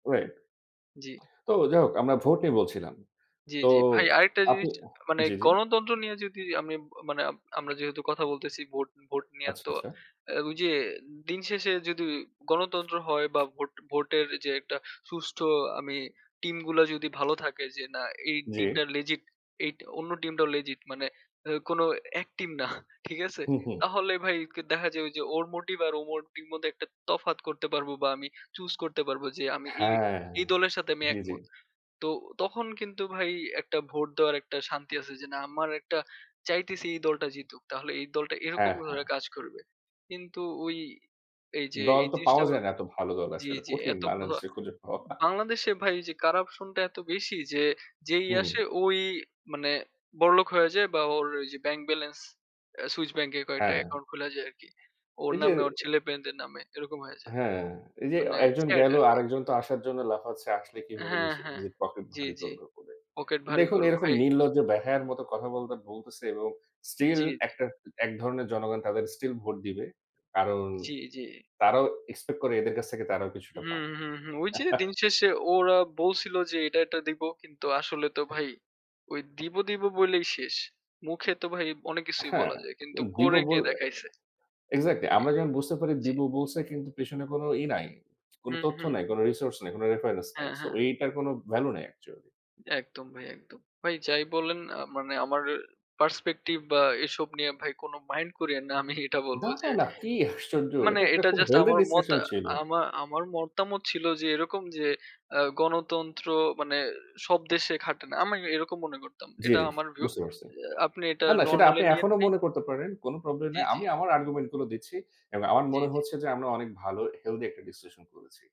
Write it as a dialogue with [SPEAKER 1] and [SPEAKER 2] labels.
[SPEAKER 1] Wait
[SPEAKER 2] জ্বি।
[SPEAKER 1] তো যাই হোক আমরা ভোট নিয়ে বলছিলাম।
[SPEAKER 2] জ্বি,
[SPEAKER 1] তো
[SPEAKER 2] জ্বি। ভাই আরেকটা
[SPEAKER 1] আপনি
[SPEAKER 2] জিনিস মানে
[SPEAKER 1] জ্বি, জ্বি।
[SPEAKER 2] গণতন্ত্র নিয়ে যদি আমি, মানে আমরা যেহেতু কথা বলতেছি ভোট ভোট নিয়ে
[SPEAKER 1] আচ্ছা,
[SPEAKER 2] তো
[SPEAKER 1] আচ্ছা।
[SPEAKER 2] ঐ যে দিন শেষে যদি গণতন্ত্র হয় বা ভোট ভোটের যে একটা সুষ্ঠু আমি টিমগুলা যদি ভালো থাকে যে না এই
[SPEAKER 1] জ্বি।
[SPEAKER 2] টিমটা লেজিট এ টি অন্য টিমটাও লেজিট মানে এ কোনো এক্টিং না। ঠিক আছে?
[SPEAKER 1] হুম, হুম।
[SPEAKER 2] তাহলে ভাই কে দেখা যায় যে ওর মোটিভ আর ও মোটিভ মধ্যে একটা তফাৎ করতে পারবো বা আমি চুজ করতে পারব যে আমি এই
[SPEAKER 1] হ্যাঁ,
[SPEAKER 2] এই দলের সাথে আমি
[SPEAKER 1] জ্বি, জ্বি।
[SPEAKER 2] একমত। তো তখন কিন্তু ভাই একটা ভোট দেওয়ার একটা শান্তি আছে যে না আমার একটা চাইতেছি এই দলটা জিতুক। তাহলে এই দলটা এরকম
[SPEAKER 1] হ্যাঁ, হ্যাঁ।
[SPEAKER 2] করে কাজ করবে। কিন্তু ওই এই যে
[SPEAKER 1] দল তো পাওয়া
[SPEAKER 2] জিনিসটা
[SPEAKER 1] যায় না এত ভালো দল
[SPEAKER 2] জ্বি,
[SPEAKER 1] আসলে।
[SPEAKER 2] জ্বি,
[SPEAKER 1] কঠিন
[SPEAKER 2] এত ভা
[SPEAKER 1] বাংলাদেশে খুঁজে পাওয়া।
[SPEAKER 2] বাংলাদেশে ভাই এই যে কারাপশন টা এত বেশি যে যেই
[SPEAKER 1] হুম।
[SPEAKER 2] আসে ওই মানে বড়লোক হয়ে যায় বা ওর ঐযে ব্যাংক ব্যালান্স, আ সুইচ ব্যাংকে কয়েকটা
[SPEAKER 1] হ্যাঁ।
[SPEAKER 2] অ্যাকাউন্ট খুলে যায় আরকি। ওর
[SPEAKER 1] এই যে
[SPEAKER 2] নামে ওর ছেলেমেয়েদের নামে এরকম হয়ে যায়,
[SPEAKER 1] হ্যাঁ, এই যে,
[SPEAKER 2] মানে
[SPEAKER 1] ১ জন
[SPEAKER 2] স্যাড
[SPEAKER 1] গেলো
[SPEAKER 2] আরকি।
[SPEAKER 1] আরেকজন তো আসার জন্য লাফাচ্ছে। আসলে কিভাবে
[SPEAKER 2] হ্যাঁ,
[SPEAKER 1] নিজে
[SPEAKER 2] হ্যাঁ।
[SPEAKER 1] নিজের পকেট
[SPEAKER 2] জ্বি,
[SPEAKER 1] ভারি
[SPEAKER 2] জ্বি।
[SPEAKER 1] করবে বলে।
[SPEAKER 2] পকেট ভারি
[SPEAKER 1] দেখুন
[SPEAKER 2] করো
[SPEAKER 1] এরকম
[SPEAKER 2] ভাই।
[SPEAKER 1] নির্লজ্জ বেহায়ার মতো কথাবার্তা বলতেছে এবং স্টিল
[SPEAKER 2] জ্বি, জ্বি।
[SPEAKER 1] একটা, এক ধরনের জনগণ তাদের স্টিল ভোট দিবে। কারণ
[SPEAKER 2] জ্বি, জ্বি।
[SPEAKER 1] তারাও এক্সপেক্ট করে এদের কাছ থেকে তারাও কিছুটা
[SPEAKER 2] হু,
[SPEAKER 1] পাবে।
[SPEAKER 2] হু, হু, ঐ যে দিন শেষে ওরা বলছিল যে এটা, এটা দিব কিন্তু আসলে তো ভাই ঐ দিব, দিব বলেই শেষ। মুখে তো ভাই অনেক কিছুই
[SPEAKER 1] হ্যাঁ,
[SPEAKER 2] বলা যায়। কিন্তু
[SPEAKER 1] দিবো
[SPEAKER 2] করে কে
[SPEAKER 1] বলে
[SPEAKER 2] দেখাইছে
[SPEAKER 1] এক্সাক্টলি
[SPEAKER 2] জ্বি,
[SPEAKER 1] আমরা যেমন বুঝতে পারি
[SPEAKER 2] জ্বি।
[SPEAKER 1] দিবো বলছে কিন্তু পেছনে কোনো ই নাই। কোনো
[SPEAKER 2] হুম,
[SPEAKER 1] তথ্য
[SPEAKER 2] হুম।
[SPEAKER 1] নাই, কোনো রিসোর্স নাই, কোনো রেফারেন্স নাই।
[SPEAKER 2] হ্যাঁ,
[SPEAKER 1] সো
[SPEAKER 2] হ্যাঁ।
[SPEAKER 1] এইটার কোনো ভ্যালু নাই অ্যাকচুয়ালি।
[SPEAKER 2] একদম ভাই, একদম। ভাই যাই বলেন মানে আমার পার্সপেক্টিভ বা এসব নিয়ে ভাই কোনো মাইন্ড কইরেন না। আমি এটা
[SPEAKER 1] না,
[SPEAKER 2] বলবো যে
[SPEAKER 1] না কি আশ্চর্য!
[SPEAKER 2] মানে
[SPEAKER 1] এটা একটা
[SPEAKER 2] এটা
[SPEAKER 1] খুব
[SPEAKER 2] জাস্ট
[SPEAKER 1] হেলথি
[SPEAKER 2] আমার মতা
[SPEAKER 1] ডিসকাশন ছিল।
[SPEAKER 2] আমার আমার মতামত ছিল যে এরকম যে আ গণতন্ত্র মানে সব দেশে খাটে না আমি এরকম মনে করতাম।
[SPEAKER 1] জ্বি,
[SPEAKER 2] এটা
[SPEAKER 1] জ্বি,
[SPEAKER 2] আমার ভিউ। আ
[SPEAKER 1] বুঝতে পারছি।
[SPEAKER 2] আপনি এটা
[SPEAKER 1] না, না সেটা
[SPEAKER 2] নরমালি
[SPEAKER 1] আপনি
[SPEAKER 2] নিয়েন
[SPEAKER 1] এখনো
[SPEAKER 2] ভাই।
[SPEAKER 1] মনে করতে পারেন কোনো প্রবলেম
[SPEAKER 2] জ্বি,
[SPEAKER 1] নাই।
[SPEAKER 2] জ্বি।
[SPEAKER 1] আমি আমার আর্গুমেন্ট গুলো দিচ্ছি। এবং আমার
[SPEAKER 2] জ্বি,
[SPEAKER 1] মনে
[SPEAKER 2] জ্বি।
[SPEAKER 1] হচ্ছে যে আমরা অনেক ভালো হেলথি একটা ডিসকাশন করেছি।